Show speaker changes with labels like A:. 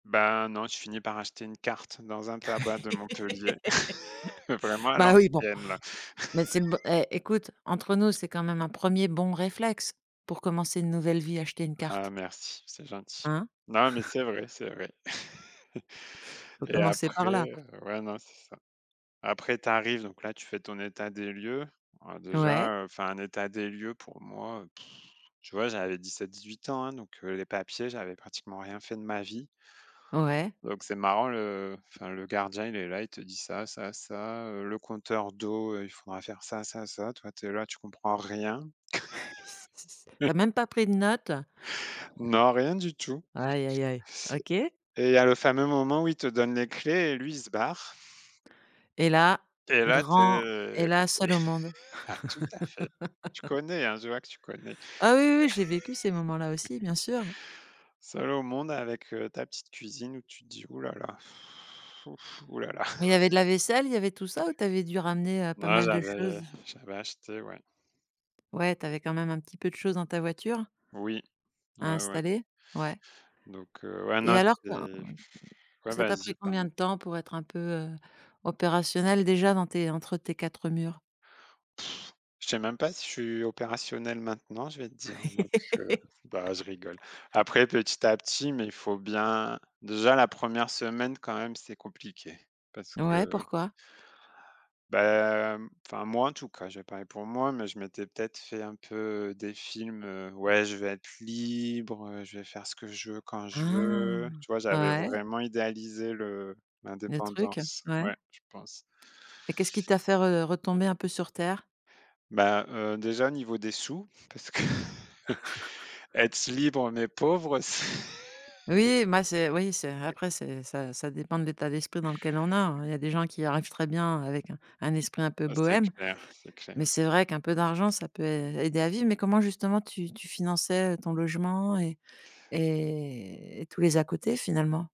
A: Bah, non, je finis par acheter une carte dans un tabac de Montpellier, vraiment à
B: Bah, oui, bon,
A: l'ancienne, là.
B: mais c'est le b hé, écoute, entre nous, c'est quand même un 1er bon réflexe pour commencer une nouvelle vie, acheter une
A: Ah
B: carte?
A: merci, c'est gentil.
B: Hein?
A: Non, mais c'est vrai, c'est vrai.
B: Faut
A: Et
B: commencer
A: après,
B: par là.
A: ouais, non, c'est ça. Après tu arrives, donc là, tu fais ton état des lieux. Oh,
B: Ouais.
A: déjà, heu, enfin, un état des lieux pour moi, tu vois, j'avais 17-18 ans, hein, donc heu, les papiers, j'avais pratiquement rien fait de ma vie.
B: Ouais.
A: Donc c'est marrant le enfin le gardien, il est là, il te dit: «Ça, ça, ça, heu, le compteur d'eau, heu, il faudra faire ça, ça, ça». Toi, tu es là, tu comprends rien.
B: Tu as même pas pris de notes?
A: Non, rien du tout. C
B: Aïe aïe aïe, OK.
A: et il y a le fameux moment où il te donne les clés et lui, il se barre.
B: Et là,
A: Et là, tu
B: grand et
A: es
B: là, seul au monde.
A: ah tout à fait. Tu connais, hein, je vois que tu connais.
B: Ah oui, oui, j'ai vécu ces moments-là aussi, bien sûr.
A: Seul au monde avec, heu, ta petite cuisine où tu te dis: «Ouh là là ouh ouh là là».
B: Il y avait de la vaisselle, il y avait tout ça ou tu avais dû ramener, heu, pas
A: Non,
B: mal de
A: j'avais
B: choses?
A: j'avais acheté, ouais.
B: Ouais, tu avais quand même un petit peu de choses dans ta voiture?
A: Oui,
B: À
A: ouais, ouais.
B: installer? Ouais.
A: Donc heu, ouais,
B: Et
A: non,
B: alors quand
A: c'était ouais,
B: ça t'a
A: vas-y,
B: pris combien
A: pardon.
B: de temps pour être un peu, heu, opérationnel, déjà, dans tes entre tes 4 murs?
A: Pff, je sais même pas si je suis opérationnel maintenant, je vais te dire, donc heu, bah, je rigole. Après, petit à petit, mais il faut bien déjà, la 1re semaine quand même, c'est compliqué, parce
B: Ouais,
A: que
B: pourquoi?
A: bah, mmh, enfin, moi en tout cas, je vais parler pour moi, mais je m'étais peut-être fait un peu des films, heu: «Ouais, je vais être libre, je vais faire ce que je veux quand je
B: Ah,
A: veux». Tu vois? J'avais
B: ouais.
A: vraiment idéalisé le
B: Le truc,
A: l'indépendance,
B: ouais.
A: ouais, je pense.
B: Et qu'est-ce qui t'a fait re retomber un peu sur terre?
A: Bah, heu, déjà, niveau des sous, parce que être libre, mais pauvre c
B: Oui, moi, c'est oui, c'est après, c'est ça ça dépend de l'état d'esprit dans lequel on a, hein. Il y a des gens qui arrivent très bien avec un un esprit un peu
A: Oh, c'est
B: bohème.
A: clair, c'est
B: Mais
A: clair.
B: c'est vrai qu'un peu d'argent, ça peut ai aider à vivre. Mais comment, justement, tu tu finançais ton logement et et et tous les à-côtés, finalement?